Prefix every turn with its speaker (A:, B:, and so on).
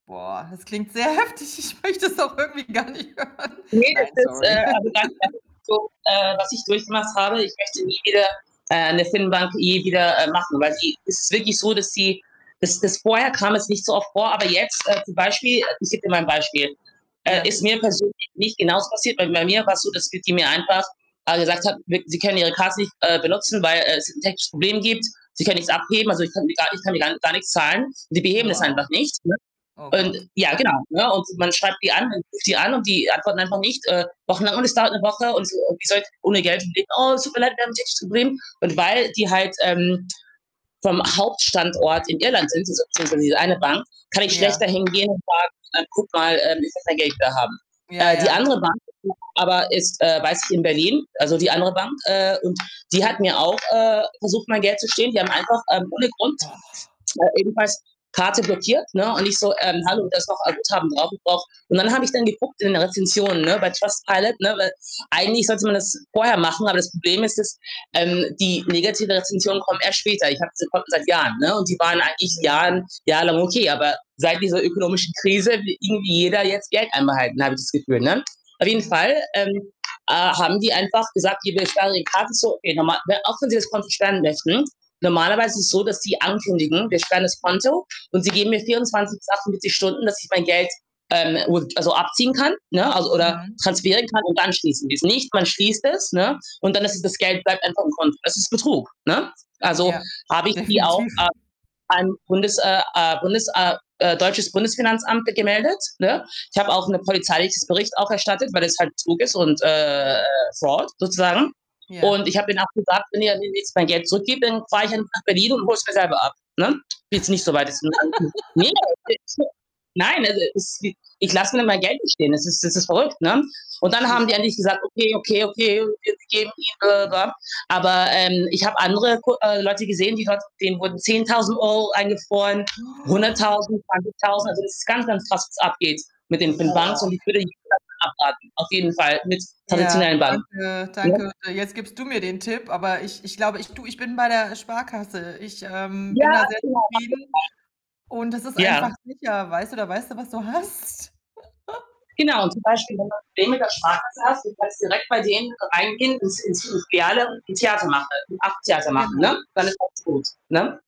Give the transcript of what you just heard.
A: Boah, das klingt sehr heftig. Ich möchte es auch irgendwie gar nicht hören.
B: Ne,
A: Nein,
B: das ist äh,
A: sorry.
B: also, ganz ehrlich so äh, was ich durchgemacht habe. Ich möchte nie wieder, äh, 'ne Firmenbank je wieder, äh, machen, weil die es ist wirklich so, dass sie das das vorher kam es nicht so oft vor, aber jetzt, äh, zum Beispiel ich gebe dir mal ein Beispiel. Äh, ist
A: Ja.
B: mir persönlich nicht genau so passiert, weil bei mir war's so, dass d die mir einfach, äh, gesagt hat: „Mit s sie können Ihre Karte nicht, äh, benutzen, weil, äh, es 'n technisches Problem gibt. Sie können nichts abheben.“ Also, ich kann ni gar ich kann mit gar gar nix zahlen. Sie beheben das einfach
A: Wow.
B: nicht, ne?
A: Oh
B: Und
A: Gott.
B: ja, genau, ne, und man schreibt die an und ruft die an und die antworten einfach nicht, äh, wochenlang und es dauert 'ne Woche und, äh, wie sollte ich ohne Geld schon leben. „Oh, es tut mir leid, wir haben ein technisches Problem.“ Und weil die halt, ähm, vom Hauptstandort in Irland sind, [unintelligible] eine Bank, kann ich schlecht
A: Ja.
B: dahin gehen und sagen: „Äh, guck mal, äh, [unintelligible] Geld wieder haben.“
A: Ja,
B: Äh, die
A: ja.
B: andere Bank [unintelligible] aber ist äh, weiß ich, in Berlin also, die andere Bank, äh, und die hat mir auch, äh, versucht, mein Geld zu stehlen. Die haben einfach, ähm, ohne Grund,
A: Boah.
B: äh, jedenfalls Karte blockiert, ne, und ich so: „Ähm, hallo, da ist noch ein Guthaben drauf, ich brauche“ Und dann habe ich dann geguckt in der Rezensionen, ne, bei Trustpilot, ne? Weil eigentlich sollte man das vorher machen, aber das Problem ist es ähm, die negativen Rezensionen kommen erst später. Ich habe die Konten seit Jahren, ne? Und die waren eigentlich
A: Hm, ja.
B: jahren jahrelang okay, aber seit dieser ökonomischen Krise will irgendwie jeder jetzt Geld einbehalten, habe ich das Gefühl, ne? Auf jeden
A: Hm.
B: Fall, ähm, äh, haben die einfach gesagt: „Hier wir sperren Ihre Karte so, [unintelligible] auch wenn Sie das Konto sperren möchten,“ normalerweise ist es so, dass sie ankündigen: „Wir sperren das Konto,“ und sie geben mir 24 bis 48 Stunden, dass ich mein Geld, ähm, um also, abziehen kann, ne, also oder
A: Mhm.
B: transferieren kann und dann schließen sie es. Nicht, man schließt es, ne, und dann ist es das Geld bleibt einfach im Konto. Das ist Betrug, ne? Also,
A: Ja,
B: habe ich die auch
A: definitiv.
B: a ans Bundes äh, äh, Bundes äh, äh, deutsches Bundesfinanzamt ge gemeldet, ne? Ich habe auch 'ne polizeiliches Bericht auch erstattet, weil es halt Betrug ist und, äh, Fraud sozusagen
A: Ja.
B: und ich habe denen auch gesagt: „Wenn ihr [unintelligible] mein Geld zurückgebt, dann fahre ich einfach nach Berlin und hol's mir selber ab,“ ne? Ist jetzt nicht so weit ist. [unintelligible] Ne,. [unintelligible] Nein, also, es wi ich lasse mir mein Geld nicht stehlen. Es ist es ist verrückt, ne? Und dann haben die ja
A: Ja.
B: endlich gesagt: „Okay, okay, okay, wir geben Ihnen,“ [unintelligible] aber ähm, ich habe andere Ku äh, Leute gesehen, die dort denen wurden 10.000 € eingefroren, 100.000, 20.000. Also, es ist ganz, ganz krass, was abgeht mit den den Banken und
A: Boah.
B: ich würde [unintelligible] abraten. Auf jeden Fall mit
A: Ja,
B: traditionellen Banken,
A: danke,
B: ne?
A: danke. Jetzt gibst du mir den Tipp, aber ich ich glaube ich du, ich bin bei der Sparkasse. Ich, ähm,
B: Ja,
A: bin da sehr
B: genau. Auf
A: zufrieden und es ist
B: jeden Fall. Ja.
A: einfach sicher. Weißt du, da weißt du, was du hast.
B: Genau, zum Beispiel, wenn du 'n Problem mit der Sparkasse hast, du kannst direkt bei denen reingehen ins ins in die Filiale und 'n Theater mache [unintelligible] Theater machen, ne?
A: Genau.
B: Dann ist alles gut, ne?